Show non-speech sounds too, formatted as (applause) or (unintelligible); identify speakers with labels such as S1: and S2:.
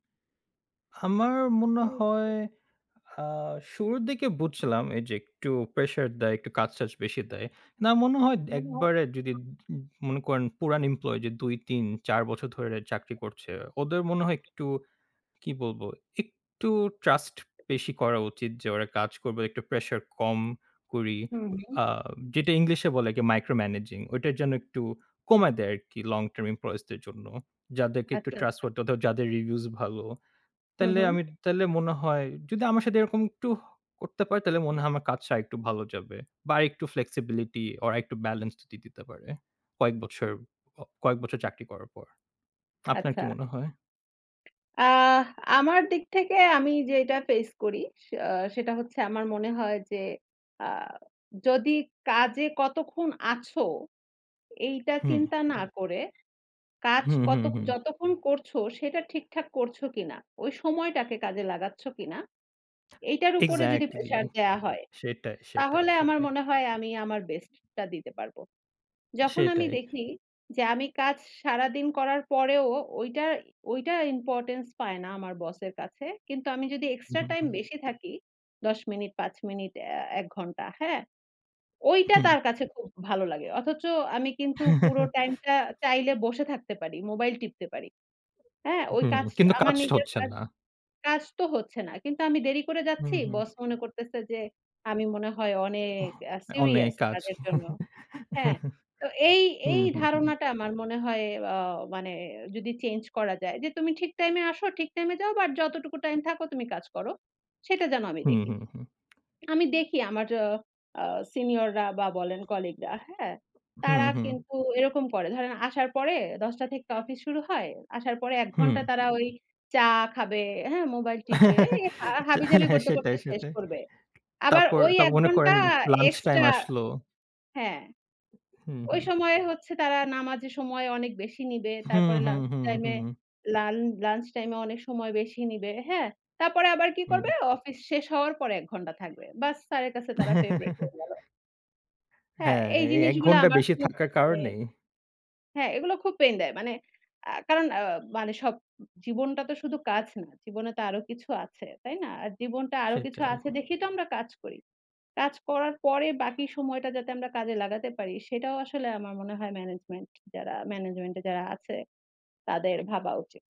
S1: আমার মনে হয়
S2: হুম।
S1: আ শুরুর দিকে বুঝছিলাম এই যে,
S2: (unintelligible)
S1: একটু প্রেশার দেয়, একটু কাজটাজ বেশি দেয়। না মনে হয় একবারে যদি
S2: (unintelligible)
S1: মনে করেন পুরান এমপ্লয়ি ২ ৩ ৪ বছর ধরে চাকরি করছে। ওদের মনে হয় একটু কি বলব, একটু ট্রাস্ট বেশি করা উচিত যে, ওরা কাজ করবে একটু প্রেশার কম করি।
S2: হুম।
S1: আ যেটা ইংলিশে বলে micro managing ওটা যেন একটু কমায় দেয় আরকি, লং টার্ম এমপ্লয়িজদের জন্য। যাদেরকে একটু
S2: আচ্ছা,
S1: ট্রাস্ট
S2: আচ্ছা।
S1: যাদের রিভিউজ ভালো।
S2: হু,
S1: তাইলে
S2: হুম।
S1: আমি, তাইলে মনে হয় যদি আমার সাথে এরকম একটু করতে পারি তাইলে মনে হয় আমার কাজটা আরেকটু ভালো যাবে। বা আরেকটু flexibility বা আরেকটু বেলেন্স দিয়ে দিতে পারে। কয়েক বছর কয়েক বছর চাকরি করার পর। আপনার
S2: আচ্ছা।
S1: কি মনে হয়?
S2: আ আমার দিক থেকে আমি যেটা ফেস করি সে আ সেটা হচ্ছে আমার মনে হয় যে, আ যদি কাজে কতক্ষণ আছো এইটা
S1: হুম।
S2: চিন্তা না করে, কাজ
S1: হুম,
S2: কত
S1: হুম, হুম।
S2: যতক্ষণ করছো সেটা ঠিকঠাক করছ কিনা, ওই সময়টাকে কাজে লাগাচ্ছ কিনা,
S1: (sucks teeth)
S2: এইটার উপরে যদি
S1: ইগযেক্টলি।
S2: প্রেশার দেয়া হয়।
S1: সেটাই, সেটাই
S2: তাহলে আমার
S1: ,সেটাই।
S2: মনে হয় আমি আমার বেস্টটা দিতে পারব। যখন আমি
S1: সেটাই।
S2: দেখি যে, আমি কাজ সারাদিন করার পরেও ঐটা ঐটা ইম্পোর্টেন্স পায় না আমার বসের কাছে। কিন্তু আমি
S1: হুম,
S2: যদি এক্সট্রা টাইম
S1: হুম।
S2: বেশি থাকি ১০ মিনিট, ৫ মিনিট, এ ১ ঘন্টা। হ্যাঁ, ঐটা
S1: হুম।
S2: তার কাছে খুব ভালো লাগে। অথচ আমি কিন্তু পুরো টাইমটা
S1: (chuckles)
S2: চাইলে বসে থাকতে পারি। মোবাইল টিপতে পারি। হ্যাঁ, ওই
S1: হুম,
S2: কাজ
S1: কিন্তু
S2: আমার
S1: কাজটা
S2: নিজের
S1: হচ্ছে
S2: কাজ,
S1: না।
S2: কাজ তো হচ্ছে না। কিন্তু আমি দেরি করে যাচ্ছি।
S1: হুম, হুম।
S2: বস মনে করতেছে যে, আমি মনে হয় অনেক
S1: ওহ অনেক
S2: সিরিয়াস
S1: কাজ।
S2: কাজের জন্য। হ্যাঁ?
S1: (chuckles)
S2: তো এই, এই
S1: হুম, হুম, হুম।
S2: ধারণাটা আমার মনে হয় আ মানে যদি চেঞ্জ করা যায় যে, "তুমি ঠিক টাইমে আসো ঠিক টাইমে যাও বাট যতটুকু টাইম থাকো তুমি কাজ করো। সেটা যেন
S1: (smacks lips)
S2: আমি
S1: হু,
S2: দেখি।"
S1: হুম, হুম।
S2: আমি দেখি আমার অ আ সিনিয়ররা বা বলেন কলিগরা, হ্যাঁ,
S1: হু,
S2: তারা
S1: হুম।
S2: কিন্তু এরকম করে। ধরেন, আসার পরে ১০ টা থেকে অফিস শুরু হয়। আসার পরে ১ ঘন্টা
S1: হুম।
S2: তারা চা খাবে, হ্যাঁ, মোবাইল টিপবে।
S1: (chuckles)
S2: এই হাবিজাবি
S1: হ্যাঁ,
S2: করতে,
S1: সেটাই,
S2: করতে শেষ
S1: সেটাই।
S2: করবে। আবার
S1: তাপর,
S2: ওই
S1: তাপর
S2: ১
S1: মনে
S2: ঘন্টা
S1: করেন লঞ্চ টাইম
S2: এক্সট্রা,
S1: আসলো।
S2: হ্যাঁ।
S1: হুম,
S2: ওই
S1: হুম।
S2: সময়ে হচ্ছে তারা নামাজের সময় অনেক বেশি নিবে।
S1: হুম,
S2: তারপরে
S1: হুম,
S2: লাঞ্চ
S1: হুম,
S2: টাইম এ
S1: হুম।
S2: লান লাঞ্চ টাইম এ অনেক সময় বেশি নিবে, হ্যাঁ? তারপরে আবার কি
S1: হুম।
S2: করবে, অফিস শেষ হওয়ার পর ১ ঘন্টা থাকবে। বাস, স্যারের কাছে তারা ফেভরাইট হয়ে গেল।
S1: (chuckles)
S2: হ্যাঁ,
S1: হ্যাঁ,
S2: এই
S1: এই এক
S2: জিনিসগুলা
S1: ঘণ্টা
S2: আমার
S1: বেশি
S2: খুব
S1: থাকার
S2: মানে
S1: কারণেই।
S2: হ্যাঁ, এগুলো খুব পেইন দেয়। মানে আ কারণ আ আ মানে সব জীবনটা তো শুধু কাজ না। জীবনে তো আরো কিছু আছে। তাই না? আর জীবনটা আরো কিছু
S1: সেটাই।
S2: আছে দেখেই তো আমরা কাজ করি। কাজ করার পরে বাকি সময়টা যাতে আমরা কাজে লাগাতে পারি সেটাও আসলে আমার মনে হয় ম্যানেজমেন্ট যারা ম্যানেজমেন্ট এ যারা আছে তাদের ভাবা উচিত।